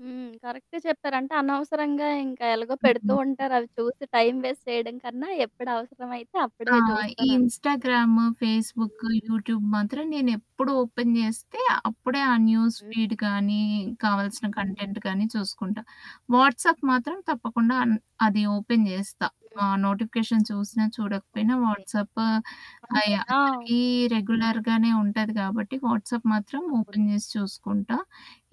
హ్మ్. కరెక్టే చెప్పారు. అంటే అనవసరంగా ఇంకా ఎలాగో పెడుతూ హ్మ్. ఉంటారు. అవి చూసి టైమ్ వేస్ట్ చేయడం కన్నా ఎప్పుడవసరమైతే ఆ! అప్పుడే ఈ చూస్తానంటారు. Instagram, Facebook, hmm. యూట్యూబ్ మాత్రం నేను ఎప్పుడు ఓపెన్ జేస్తే అప్పుడే ఆ హ్మ్. న్యూస్‌ఫీడ్ గాని కావాల్సిన హ్మ్. కంటెంట్‌ గాని చూసుకుంటా. వాట్సాప్ మాత్రం తప్పకుండా అన్ అది ఓపెన్ జేస్తా. హ్మ్. ఆ నోటిఫికేషన్ చూసినా చూడకపోయినా ఓకే. వాట్సాప్ అయి అంటే ఆ! అందరికి ఓకే. రెగ్యులర్‌గానే ఉంటది కాబట్టి వాట్సాప్ మాత్రం అవును. ఓపెన్ చేసి చూసుకుంటా.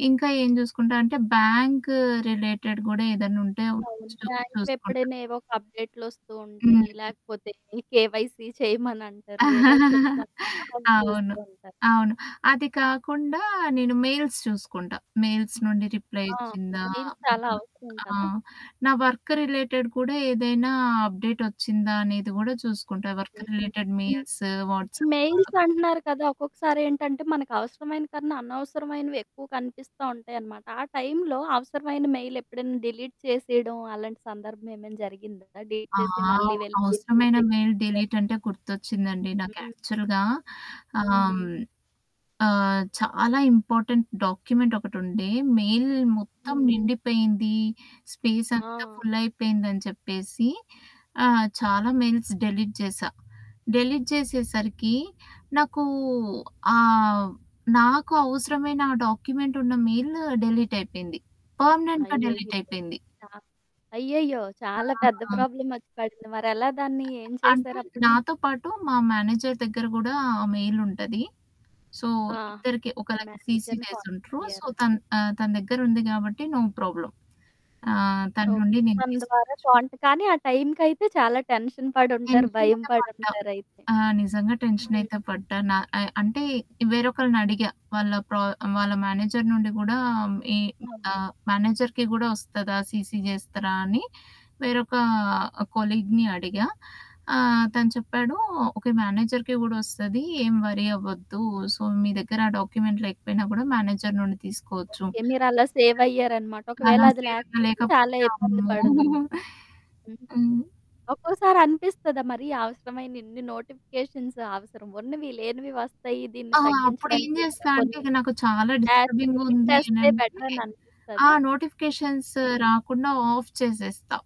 ఇంకా ఏం జూసుకుంటా అంటే బ్యాంక్ రిలేటెడ్ గూడా ఏదన్నుంటే అవును. చూ చూసుకుంటా. బ్యాంక్‌వెప్పుడైనా ఏవో ఒక అప్‌డేట్‌ లోస్తూ ఉంటాయి. హ్మ్. లేకపోతే కేవైసీ చేయమనంటారు. ఏదో ఒకటి చెప్తాం అవి అవును. చూస్తూ ఉంటారు. అవును. అది కాకుండా నేను మెయిల్స్ చూసుకుంటా. మెయిల్స్ నుండి రిప్లై ఆ! వచ్చిందా మెయిల్స్ చాలా హ్మ్. అవసరం ఆ! కదా! నా వర్క్ రిలేటెడ్ కూడా ఏదైనా అప్‌డేట్ ఒచ్చిందా అనేది గూడా చూసుకుంటా. వర్క్ హ్. రిలేటెడ్ హ్మ్. మెయిల్స్, ఈ వాట్సాప్. మెయిల్స్ అంటున్నారు కదా! ఒక్కొక్కసారి ఏంటంటే మనకవసరమైన కన్నా అనవసరమైనవి ఎక్కువ కనిపిస్తా ఉంటాయనమాట. ఆ టైం‌లో అవసరమైన మెయిల్ ఎప్పుడైనా డిలీట్ చేసేయడం అలాంటి సందర్భం ఏమైనా జరిగిందా? డిలీట్ ఆ! చేసి మళ్ళీ వెళ్ళి ఫిజికల్ అవసరమైన చెక్ మెయిల్ చేయాలి. డిలీట్ అంటే గుర్తొచ్చిందండి. నాకు హ్మ్. యాక్చువల్‌గా ఆహ్, హ్మ్. ఆహ్, చాలా ఇంపార్టెంట్ డాక్యుమెంట్ ఒకటి ఉండే. మెయిల్ మొత్తం హ్మ్. నిండిపోయింది. స్పేస్ అంతా ఆ! ఫుల్లయిపోయిందని చెప్పేసి ఆహ్, చాలా మెయిల్స్ డిలీట్ జేశా. డిలీట్ జేసేసరికి నాకు, ఆహ్, నాకు అవసరమైన ఆ డాక్యుమెంట్ ఉన్న మెయిల్ డిలీట్ అయిపోయింది. పర్మనెంట్‌గా అయ్యయ్యో! డిలీటయిపోయింది. చా అయ్యయ్యో! చాలా పెద్ద ఆ! ప్రాబ్లమ్ ఒచ్చి పడింది. మరెలా దాన్ని ఏం అంటే చేశారప్పుడు? నాతో పాటు మా మేనేజర్ దెగ్గర గూడా ఆ మెయిల్ ఉంటది. సో ఆ! ఇద్దరికి ఒకళకి సీసీ మేనేజర్‌ని కాంటాక్ట్ జేసుంట్రు. సో అయ్యారా? తన్ ఆహ్, తన దెగ్గర ఉంది గాబట్టి నో ప్రాబ్లమ్. ఆహ్, తన ఓకే. నుండి నేను తన ద్వారా తీసుకోవచ్చు. క్వాంట్ కానీ ఆ టైం‌కైతె చాలా టెన్షన్ పడుంటారు. టెన్షన్ భయం అయితే పడి పడ్డా. ఉంటారైతే. ఆ! నిజంగా టెన్షన్ హ్మ్. అయితే పడ్డా. న అ అంటే వేరొకళ్ళని అడిగా. వాళ్ళ ప్రా వాళ్ళ మేనేజర్ నుండి గూడా ఈ అవును. ఆహ్, మేనేజర్‌కి గూడా ఒస్తదా? సీసీ జేస్తరా? అని వేరొక కొలీగ్‌ని అడిగా. ఆహ్, తను చెప్పాడు ఓకే మేనేజర్‌కి గూడా ఒస్తది. ఏం వరీ అవ్వద్దు. సో మీ దగ్గర డాక్యుమెంట్ లేకపోయినా కూడా మేనేజర్ నుండి తీసుకోవచ్చు. ఓకే. మీరలా సేవ్ అయ్యారనమాట. ఒకవేళ అలా అది సేవింగ్ లేకపోతే లేకపోతే చాలా ఇబ్బంది అమ్మో! పడుదును. హ్మ్. హ్మ్. ఒక్కోసారి అనిపిస్తదా? మరి అవసరమైన ఇన్ని నోటిఫికేషన్స్ అవసరం. ఉన్నవి లేనివి వస్తాయి దీన్ని ఆహా! అప్పుడేం తగ్గించడానికి ఏమైనా జేస్తా అంటే కొన్ని ఇక నాకు చాలా యాప్స్ డిస్టర్బింగ్ డిలీట్ ఉంది చేస్తే అనంటే బెటరని ఆ! అనిపిస్తదా? నోటిఫికేషన్స్ హ్మ్. రాకుండా ఆఫ్ చేసేస్తా.